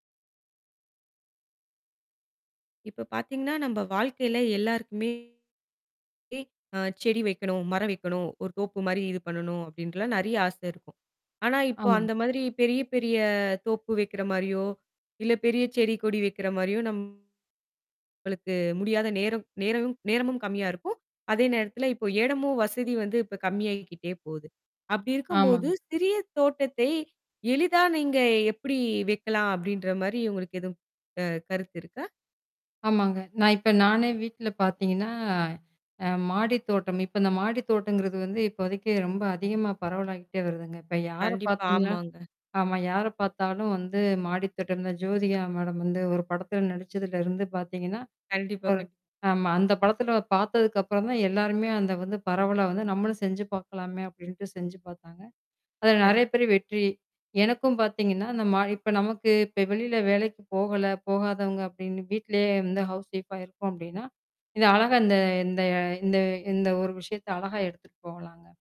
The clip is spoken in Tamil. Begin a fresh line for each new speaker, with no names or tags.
இப்ப பாத்தீங்கன்னா நம்ப வாழ்க்கையில எல்லாருக்குமே எ அ செடி வைக்கணும், மரம் வைக்கணும், ஒரு தோப்பு மாரி இது பண்ணணும். அப்படின்ட்டுல்லாம் நெறைய ஆசை இருக்கும். ஆனா, இப்போ
ஆமாங்க.
அந்த மாதிரி பெரிய பெரிய தோப்பு வைக்கிற மாரியோ, இல்ல பெரியச் செடி, கொடி வைக்கிற மாரியோ, நம்மளுக்கு முடியாத நேரம் நேரமும்-நேரமும் கம்மியா இருக்கும். அதே நேரத்துல இப்போ எடமும், வசதி வந்து இப்ப கம்மியாகிக்கிட்டே போகுது. அப்படி இருக்கும்போது,
ஆமாங்க.
சிறிய தோட்டத்தை எளிதா நீங்க எப்படி வைக்கலாம், அப்படின்ற மாரி உங்களுக்கு எதுவும் அ கருத்து இருக்கா?
ஆமாங்க. நான் இப்ப நானே வீட்ல பாத்தீங்கன்னா. அ மாடித் தோட்டம் இப்ப அந்த மாடித் தோட்டம்ங்கிறது வந்து இப்போதைக்கு ரொம்ப அதிகமா பரவலாக்கிட்டே வருதுங்க. இப்ப யார
கண்டிப்பா,
பாத்தீங்கன்னா
ஆமாங்க.
ஆமா. யார பாத்தாலும் வந்து மாடித்தோட்டம்தான். இந்த ஜோதிகா மேடம் வந்து ஒரு படத்துல நடிச்சதுல இருந்து பாத்தீங்கன்னா,
கண்டிப்பா,
ஒரு
கண்டிப்
ஆமா. அந்தப் படத்துல பாத்ததுக்கு அப்புறம் தான், எல்லாருமே அந்த வந்து பரவல வந்து, "நம்மளும் செஞ்சு பாக்கலாமே!" அப்படின்டு செஞ்சு பாத்தாங்க. அதுல
கண்டிப்
நெறைய பேரு வெற்றி. எனக்கும் பாத்தீங்கன்னா அந்த மாடி இப்ப நமக்கு இப்ப வெளியில வேலைக்கு போகல, போகாதவங்க அப்டின்னு வீட்லேயே வந்து ஹவுஸ்வைஃபா இருக்கோம் அப்படின்னா. இது அழகா இந்த இந்த- அ இந்த இந்த ஒரு விஷயத்த அழகா எடுத்துட்டு போகலாங்க.